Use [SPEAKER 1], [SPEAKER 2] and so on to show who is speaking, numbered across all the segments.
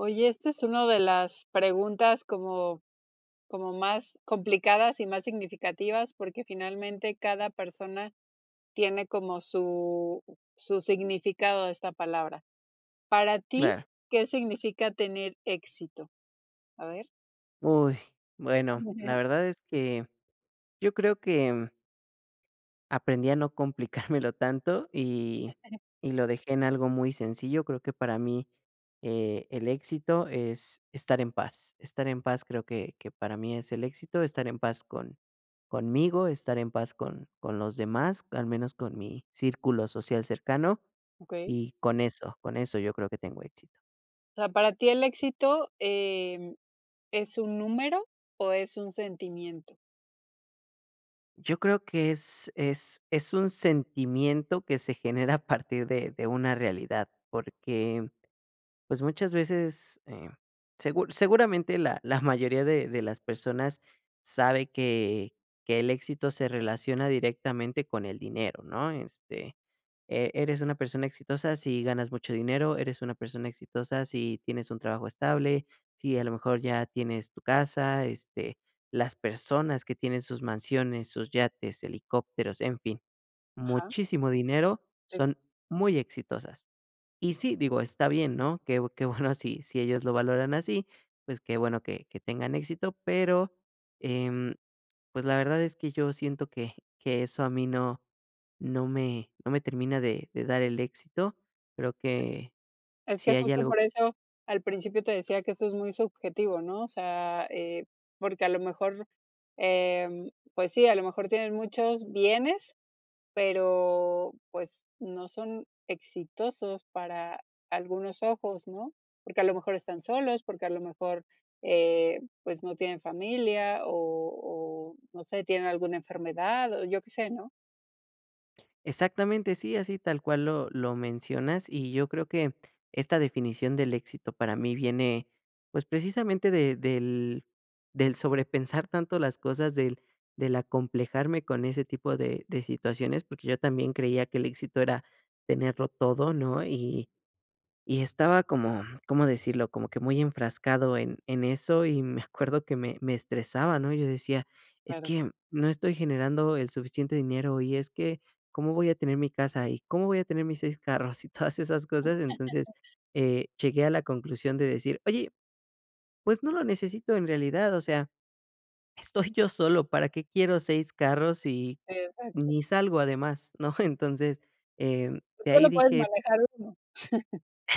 [SPEAKER 1] Oye, este es una de las preguntas como como más complicadas y más significativas, porque finalmente cada persona tiene como su su significado de esta palabra. Para ti,
[SPEAKER 2] Claro.
[SPEAKER 1] ¿qué significa tener éxito? ¿A ver?
[SPEAKER 2] Uy. Bueno, la
[SPEAKER 1] [unintelligible]
[SPEAKER 2] verdad es que yo creo que, mm aprendí a no complicármelo tanto, y
[SPEAKER 1] [unintelligible]
[SPEAKER 2] y lo dejé en algo muy sencillo, creo que para mí, eh, el éxito es estar en paz. Estar en paz creo que que para mí es el éxito, estar en paz con conmigo, estar en paz con con los demás, al menos con mi círculo social cercano,
[SPEAKER 1] Okey.
[SPEAKER 2] y con eso, con eso yo creo que tengo éxito.
[SPEAKER 1] O sea, para ti el éxito, eh, ¿es un número, o es un sentimiento?
[SPEAKER 2] Yo creo que es es es un sentimiento que se genera a partir de de una realidad, porque, pues, muchas veces, eh, segur seguramente la la mayoría de de las personas sabe que que el éxito se relaciona directamente con el dinero, ¿no? Este, e eres una persona exitosa si ganas mucho dinero, eres una persona exitosa si tienes un trabajo estable, sí a lo mejor ya tienes tu casa, este, las personas que tienen sus mansiones, sus yates, helicópteros, en fin,
[SPEAKER 1] Ajá.
[SPEAKER 2] muchísimo dinero,
[SPEAKER 1] Sí.
[SPEAKER 2] son muy exitosas. Y sí, digo, está bien, ¿no? Que que bueno sí sí ellos lo valoran así, pues que bueno que que tengan éxito, pero, em, pues la verdad es que yo siento que que eso a mí no no me no me termina de de dar el éxito. Creo que
[SPEAKER 1] Es
[SPEAKER 2] si
[SPEAKER 1] que
[SPEAKER 2] hay
[SPEAKER 1] justo
[SPEAKER 2] algo
[SPEAKER 1] por eso al principio te decía que esto es muy subjetivo, ¿no? O sea, eh, porque a lo mejor, eh, pues sí, a lo mejor tienen muchos bienes, pero, pues, no son exitosos para algunos ojos, ¿no? Porque a lo mejor están solos, porque a lo mejor, eh, pues, no tienen familia, o o, no sé, tienen alguna enfermedad, o yo qué sé, ¿no?
[SPEAKER 2] Exactamente, sí, así tal cual lo lo mencionas, y yo creo que esta definición del éxito para mí viene, pues precisamente de del del sobrepensar tanto las cosas del del acomplejarme con ese tipo de de situaciones, porque yo también creía que el éxito era tenerlo todo, ¿no? Y y estaba como, ¿cómo decirlo? Como que muy enfrascado en en eso, y me acuerdo que me me estresaba, ¿no? Yo decía, es
[SPEAKER 1] Claro.
[SPEAKER 2] que no estoy generando el suficiente dinero y es que, ¿cómo voy a tener mi casa y cómo voy a tener mis 6 carros?, y todas esas cosas? Entonces, eh, llegué a la conclusión de decir, oye, pues no lo necesito en realidad, o sea, estoy yo solo, ¿para qué quiero 6 carros sí
[SPEAKER 1] Exacto.
[SPEAKER 2] ni salgo además, no? Entonces, eh,
[SPEAKER 1] Pues
[SPEAKER 2] de ahí
[SPEAKER 1] solo puedes
[SPEAKER 2] dije
[SPEAKER 1] manejar 1.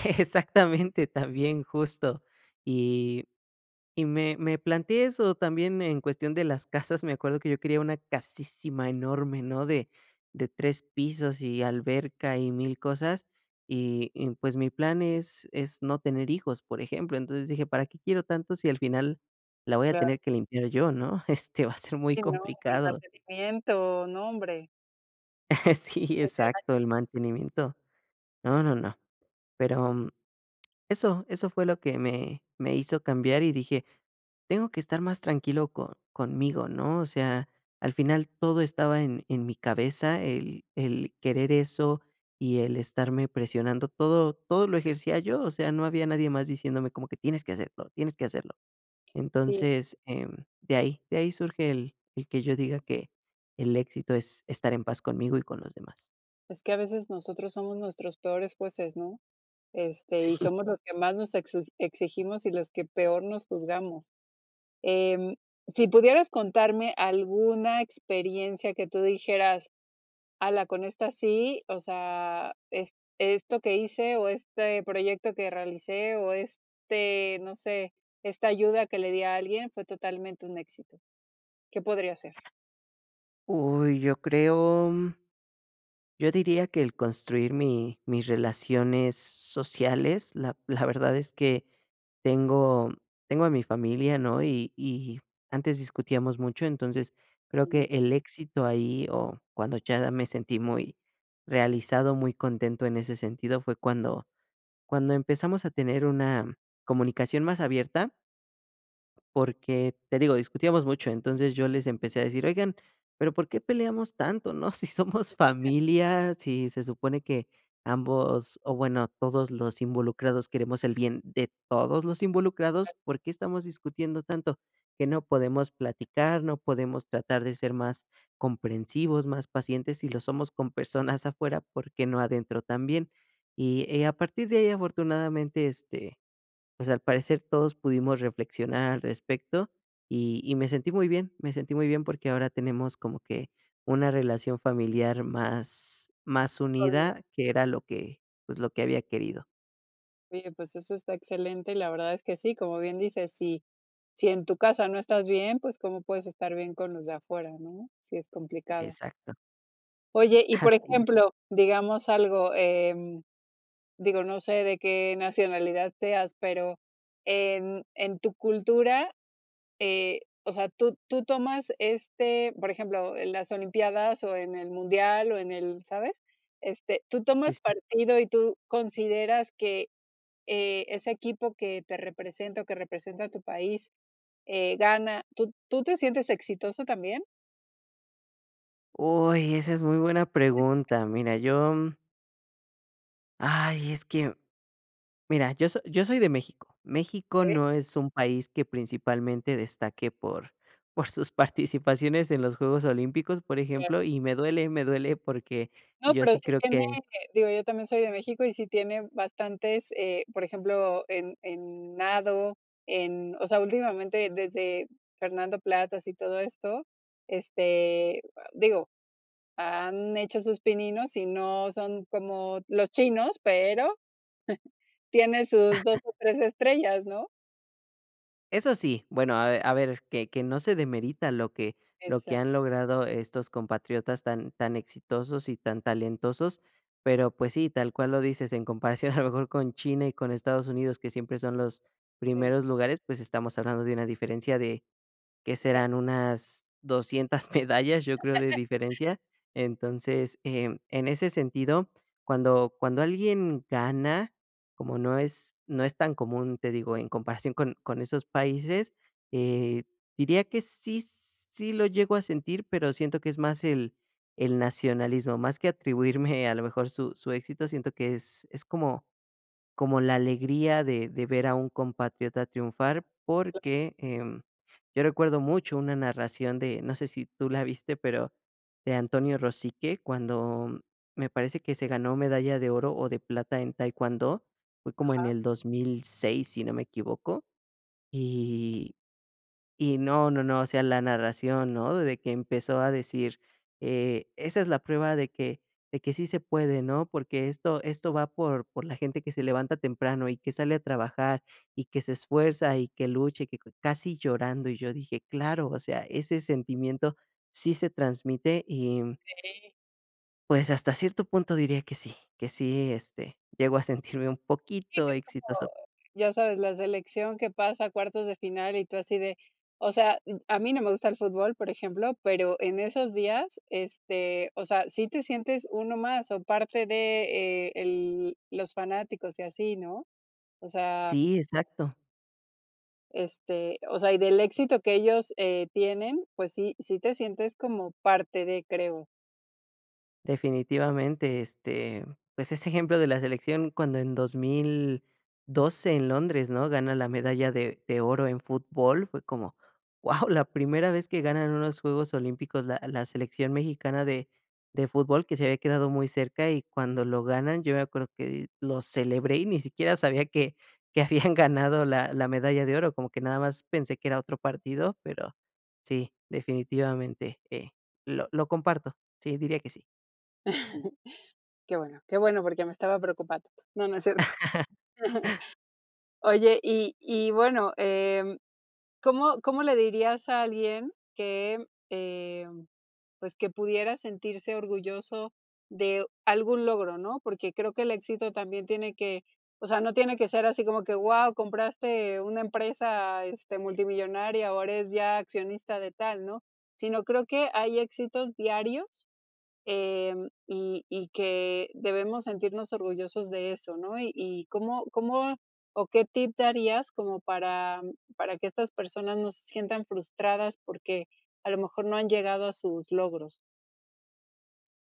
[SPEAKER 2] Exactamente, también, justo. Y y me me planteé eso también en cuestión de las casas, me acuerdo que yo quería una casísima enorme, ¿no? De de 3 pisos, y alberca y 1000 cosas, y y pues mi plan es es no tener hijos, por ejemplo. Entonces dije, ¿para qué quiero tanto si al final la voy a
[SPEAKER 1] Claro.
[SPEAKER 2] tener que limpiar yo, ¿no? Este, va a ser muy
[SPEAKER 1] Sí, no, y el
[SPEAKER 2] complicado.
[SPEAKER 1] mantenimiento, no, hombre.
[SPEAKER 2] Sí,
[SPEAKER 1] [unintelligible]
[SPEAKER 2] exacto, el mantenimiento. No, no, no. Pero, eso eso fue lo que me me hizo cambiar y dije, tengo que estar más tranquilo co conmigo, ¿no? O sea, al final todo estaba en en mi cabeza, el el querer eso y el estarme presionando todo todo lo ejercía yo, o sea, no había nadie más diciéndome como que: "Tienes que hacerlo, tienes que hacerlo".
[SPEAKER 1] Sí.
[SPEAKER 2] Entonces, em, de ahí de ahí surge el el que yo diga que el éxito es estar en paz conmigo y con los demás.
[SPEAKER 1] Es que a veces nosotros somos nuestros peores jueces, ¿no? Este, y
[SPEAKER 2] Sí.
[SPEAKER 1] somos los que más nos exi exigimos y los que peor nos juzgamos. Em. Si pudieras contarme alguna experiencia que tú dijeras: "Ala, con esta sí, o sea, es esto que hice o este proyecto que realicé o este, no sé, esta ayuda que le di a alguien fue totalmente un éxito". ¿Qué podría ser?
[SPEAKER 2] Uy, yo creo yo diría que el construir mi mis relaciones sociales, la la verdad es que tengo tengo a mi familia, ¿no? Y y antes discutíamos mucho, entonces creo que
[SPEAKER 1] Mm.
[SPEAKER 2] el éxito ahí, o cuando ya me sentí muy realizado, muy contento en ese sentido, fue cuando cuando empezamos a tener una comunicación más abierta. Porque, te digo, discutíamos mucho, entonces, yo les empecé a decir: "Oigan, pero ¿por qué peleamos tanto?, ¿no?, si somos familia, si se supone que ambos, o bueno, todos los involucrados queremos el bien de todos los involucrados, ¿por qué estamos discutiendo tanto?, ¿que no podemos platicar, no podemos tratar de ser más comprensivos, más pacientes? Si lo somos con personas afuera, ¿por qué no adentro también?" Y, eh, a partir de ahí, afortunadamente, este, pues al parecer todos pudimos reflexionar al respecto y y me sentí muy bien, me sentí muy bien porque ahora tenemos como que una relación familiar más más
[SPEAKER 1] [unintelligible]
[SPEAKER 2] unida que era lo que, pues, lo que había querido.
[SPEAKER 1] Bien, pues, eso está excelente, y la verdad, es que sí, como bien dices. Si si en tu casa no estás bien, pues, ¿cómo puedes estar bien con los de afuera, no? Sí es complicado.
[SPEAKER 2] Exacto.
[SPEAKER 1] Oye, y, por
[SPEAKER 2] [unintelligible]
[SPEAKER 1] ejemplo, digamos algo, eh, digo, no sé de qué nacionalidad seas, pero en en tu cultura, eh, o sea, tú tú tomas este, por ejemplo, las olimpiadas, o, en el mundial, o, en el ¿sabes? Este, tú
[SPEAKER 2] Sí,
[SPEAKER 1] tomas
[SPEAKER 2] sí.
[SPEAKER 1] partido, y tú consideras que, eh, ese equipo que te representa, o, que representa tu país, eh, gana, ¿tú tú te sientes exitoso también?
[SPEAKER 2] Uy, esa es muy buena pregunta. Mira, yo Ay, es que Mira, yo so yo soy de México. México
[SPEAKER 1] Sí.
[SPEAKER 2] no es un país que principalmente destaque por por sus participaciones en los Juegos Olímpicos, por
[SPEAKER 1] Claro.
[SPEAKER 2] ejemplo, y me duele, me duele porque
[SPEAKER 1] No,
[SPEAKER 2] yo
[SPEAKER 1] pero
[SPEAKER 2] sí
[SPEAKER 1] sí
[SPEAKER 2] creo
[SPEAKER 1] tiene,
[SPEAKER 2] que
[SPEAKER 1] eh, digo, yo también soy de México, y sí tiene bastantes. Eh, por ejemplo, en en nado, en o sea, últimamente desde Fernando Platas y todo esto, este, a digo, han hecho sus pininos, y no son como los chinos, pero tiene sus 2, o, 3 estrellas, ¿no?
[SPEAKER 2] Eso sí, bueno, a ver a ver que que no se demerita lo que lo que han
[SPEAKER 1] Exacto.
[SPEAKER 2] logrado estos compatriotas tan tan exitosos y tan talentosos. Pero, pues sí, tal cual lo dices, en comparación a lo mejor con China y con Estados Unidos, que siempre son los
[SPEAKER 1] Sí.
[SPEAKER 2] primeros lugares, pues estamos hablando de una diferencia de, ¿qué serán?
[SPEAKER 1] [unintelligible]
[SPEAKER 2] Unas 200 medallas, yo creo, de diferencia. Entonces, eh, em, en ese sentido, cuando cuando alguien gana, como no es no es tan común, te digo, en comparación con con esos países, eh, diría que sí sí lo llego a sentir. Pero siento que es más el el nacionalismo, más que atribuirme a lo mejor su su éxito. Siento que es es como como la alegría de de ver a un compatriota triunfar,
[SPEAKER 1] [unintelligible]
[SPEAKER 2] porque, em, yo recuerdo mucho una narración de, no sé si tú la viste, pero de Antonio Rosique, cuando me parece que se ganó medalla de oro, o, de plata en taekwondo, fue como en
[SPEAKER 1] Ajá.
[SPEAKER 2] el 2006, si no me equivoco. Y y no, no, no, o sea, la narración, ¿no? De que empezó a decir, eh, esa es la prueba de que de que sí se puede, ¿no? Porque esto esto va por por la gente que se levanta temprano, y que sale a trabajar, y que se esfuerza, y que lucha, y que cue casi llorando. Y yo dije: "Claro, o sea, ese sentimiento sí se transmite", y
[SPEAKER 1] Sí.
[SPEAKER 2] pues, hasta cierto punto diría que sí, que sí, este, llego a sentirme un
[SPEAKER 1] Sí,
[SPEAKER 2] poquito
[SPEAKER 1] es como,
[SPEAKER 2] exitoso.
[SPEAKER 1] ya sabes, la selección que pasa a cuartos de final, y tú así de, o sea, mm A mí no me gusta el fútbol, por ejemplo, pero en esos días, este, o sea, sí te sientes uno más, o, parte de, eh, el los fanáticos, y así, ¿no? O sea.
[SPEAKER 2] Sí, exacto.
[SPEAKER 1] Este, o sea, y del éxito que ellos, eh, tienen. Pues sí, sí te sientes como parte de, creo.
[SPEAKER 2] Definitivamente, este, pues, ese ejemplo de la selección cuando en 2012 en Londres, ¿no? Gana la medalla de de oro en fútbol, fue como wao, la primera vez que ganan unos Juegos Olímpicos la la selección mexicana de de fútbol, que se había quedado muy cerca y cuando lo ganan, yo me acuerdo que di lo celebré, y ni siquiera sabía que que habían ganado la la medalla de oro, como que nada más pensé que era otro partido, pero sí, definitivamente, eh, lo lo comparto. Sí, diría que sí.
[SPEAKER 1] Qué bueno, qué bueno, porque me estaba preocupando. No, no es cierto. Oye, y y bueno, em, ¿cómo cómo le dirías a alguien que, em, pues, que pudiera sentirse orgulloso de algún logro, no? Porque creo que el éxito también tiene que o sea, no tiene que ser así como que, wao, compraste una empresa, este, multimillonaria, o, eres ya accionista de tal, ¿no? Sino creo que hay éxitos diarios, em, y y que debemos sentirnos orgullosos de eso, ¿no? Y, y ¿cómo cómo, o, qué tip darías como para para que estas personas no se sientan frustradas, porque a lo mejor no han llegado a sus logros?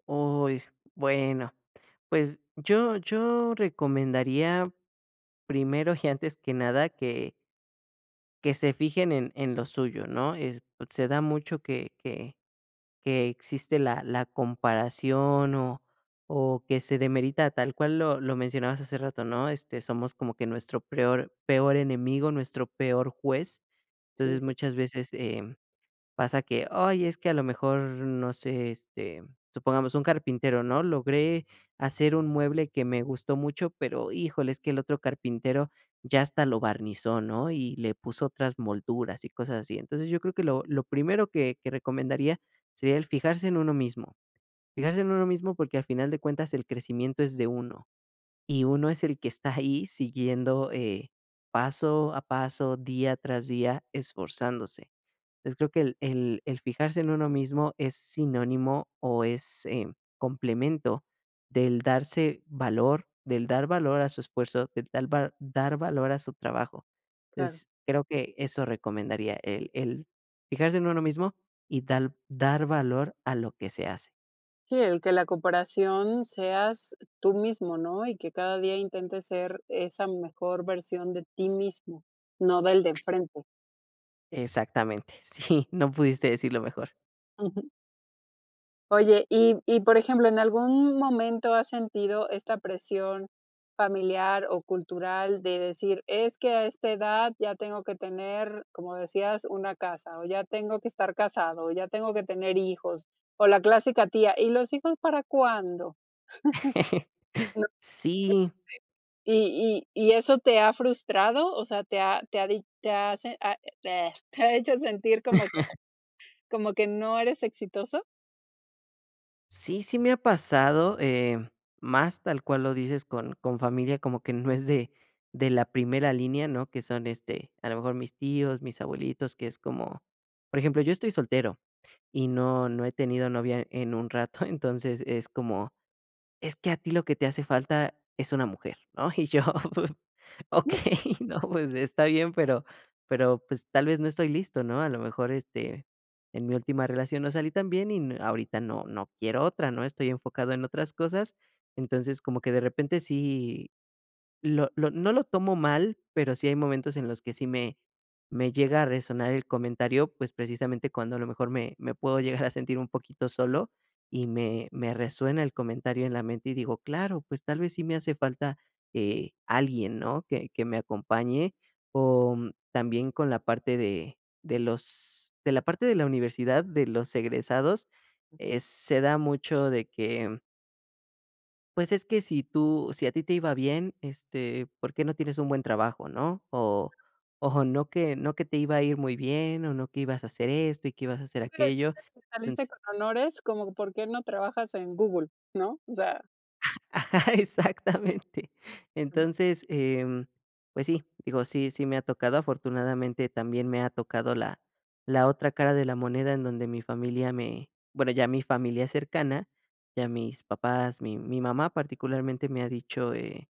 [SPEAKER 2] Uy, bueno, pues, yo yo recomendaría, primero y antes que nada, que que se fijen en en lo suyo, ¿no? Eh, pues, se da mucho que que que existe la la comparación, o o, que se demerita tal cual lo lo mencionabas hace rato ¿no? Este, somos como que nuestro peor- peor enemigo, nuestro peor juez.
[SPEAKER 1] Sí,
[SPEAKER 2] Entonces
[SPEAKER 1] sí.
[SPEAKER 2] muchas, veces, em, pasa que, ay, es que a lo mejor, no sé, este, supongamos un carpintero, ¿no? Logré hacer un mueble que me gustó mucho, pero híjole, es que el otro carpintero ya hasta lo barnizó, ¿no? Y le puso otras molduras y cosas así. Entonces, yo creo que lo lo primero que que recomendaría, sería el fijarse en uno mismo. Fijarse en uno mismo porque al final de cuentas el crecimiento es de uno, y uno es el que está ahí siguiendo, eh, paso a paso, día tras día, esforzándose. Entonces creo que el el el fijarse en uno mismo es sinónimo, o, es, eh, complemento del darse valor, del dar valor a su esfuerzo, de tal va dar valor a su trabajo.
[SPEAKER 1] Claro.
[SPEAKER 2] Entonces, creo que eso recomendaría el el fijarse en uno mismo, y dal dar valor a lo que se hace.
[SPEAKER 1] Sí, el que la comparación seas tú mismo, ¿no? Y que cada día intentes ser esa mejor versión de ti mismo, no del de enfrente.
[SPEAKER 2] Exactamente, sí, no pudiste decirlo mejor.
[SPEAKER 1] Ujú. Oye, y y, por ejemplo, ¿en algún momento has sentido esta presión familiar o cultural? De decir: "Es que a esta edad ya tengo que tener, como decías, una casa, o ya tengo que estar casado, o ya tengo que tener hijos", o la clásica tía: "¿Y los hijos para cuándo?"
[SPEAKER 2] Sí.
[SPEAKER 1] [unintelligible] ¿Y y y eso te ha frustrado? O sea, ¿te ha te ha di te ha sin te ha te ha hecho sentir como que como que no eres exitoso?
[SPEAKER 2] Sí, sí me ha pasado, eh, más tal cual lo dices con con familia, como que no es de de la primera línea, ¿no? Que son, este, a lo mejor mis tíos, mis abuelitos, que es como por ejemplo, yo estoy soltero, y no no he tenido novia en un rato, entonces es como: "Es que a ti lo que te hace falta es una mujer, ¿no?". Y yo, okey, no, pues está bien, pero pero, pues tal vez no estoy listo, ¿no? A lo mejor, este, en mi última relación no salí tan bien, y n ahorita no no quiero otra, ¿no? Estoy enfocado en otras cosas. Entonces, como que de repente sí lo lo no lo tomo mal, pero, sí hay momentos en los que sí me me llega a resonar el comentario, pues precisamente, cuando a lo mejor me me puedo llegar a sentir un poquito solo, y me me resuena el comentario en la mente, y digo: "Claro, pues tal vez sí me hace falta, eh, alguien, ¿no? Que que me acompañe". O también con la parte de de los de la parte de la universidad, de los egresados, eh, se da mucho de que Pues, es que si tú si a ti te iba bien, este, ¿por qué no tienes un buen trabajo, no? O o, ¿no que no que te iba a ir muy bien? O ¿no que ibas a hacer esto, y que ibas a hacer
[SPEAKER 1] [unintelligible]
[SPEAKER 2] aquello?
[SPEAKER 1] Que saliste
[SPEAKER 2] Entonces
[SPEAKER 1] con honores. ¿Como por qué no trabajas en Google, no? O sea
[SPEAKER 2] Exactamente. Entonces, em, pues sí, digo, sí sí me ha tocado, afortunadamente también me ha tocado la la otra cara de la moneda, en donde mi familia me bueno, ya mi familia cercana. Ya mis papás, mi mi mamá particularmente me ha dicho, eh: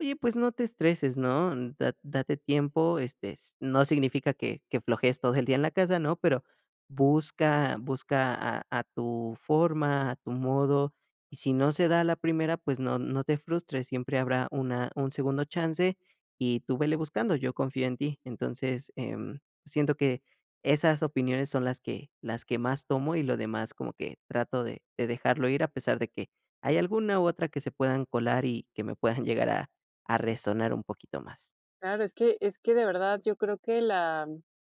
[SPEAKER 2] "Oye, pues no te estreses, ¿no? Da- date tiempo, este, s no significa que que flojees todo el día en la casa, ¿no? Pero, busca busca a a tu forma, a tu modo, y si no se da a la primera, pues no no te frustres, siempre habrá una un segundo chance, y tú vele buscando, yo confío en ti". Entonces, em, siento que esas opiniones son las que las que más tomo y lo demás como que trato de de dejarlo ir, a pesar de que hay alguna u otra que se puedan colar, y que me puedan llegar a a resonar un poquito más.
[SPEAKER 1] Claro, es que es que, de verdad, yo creo que la,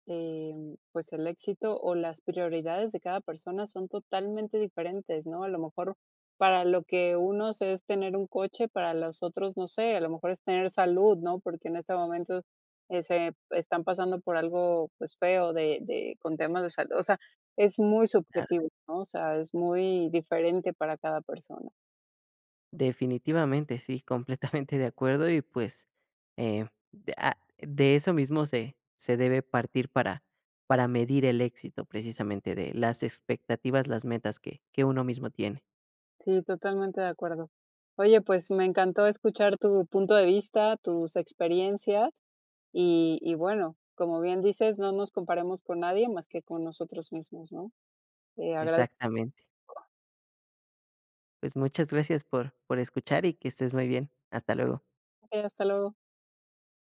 [SPEAKER 1] em, pues, el éxito, o las prioridades de cada persona son totalmente diferentes, ¿no? A lo mejor, para lo que unos es tener un coche, para los otros, no sé, a lo mejor es tener salud, ¿no? Porque, en este momento, eh, se están pasando por algo, pues, feo de de con temas de salud. O sea, es muy
[SPEAKER 2] Claro.
[SPEAKER 1] subjetivo, ¿no? O sea, es muy diferente para cada persona.
[SPEAKER 2] Definitivamente. Sí, completamente de acuerdo, y pues, eh, de ah, de eso mismo se se debe partir para para medir el éxito, precisamente de las expectativas, las metas que que uno mismo tiene.
[SPEAKER 1] Sí, totalmente de acuerdo. Oye, pues, me encantó escuchar tu punto de vista, tus experiencias, y y bueno, como bien dices, no nos comparemos con nadie, más que con nosotros mismos, ¿no? Te agradezco.
[SPEAKER 2] Exactamente. Pues, muchas gracias por por escuchar, y que estés muy bien. Hasta luego.
[SPEAKER 1] Okey. Hasta luego.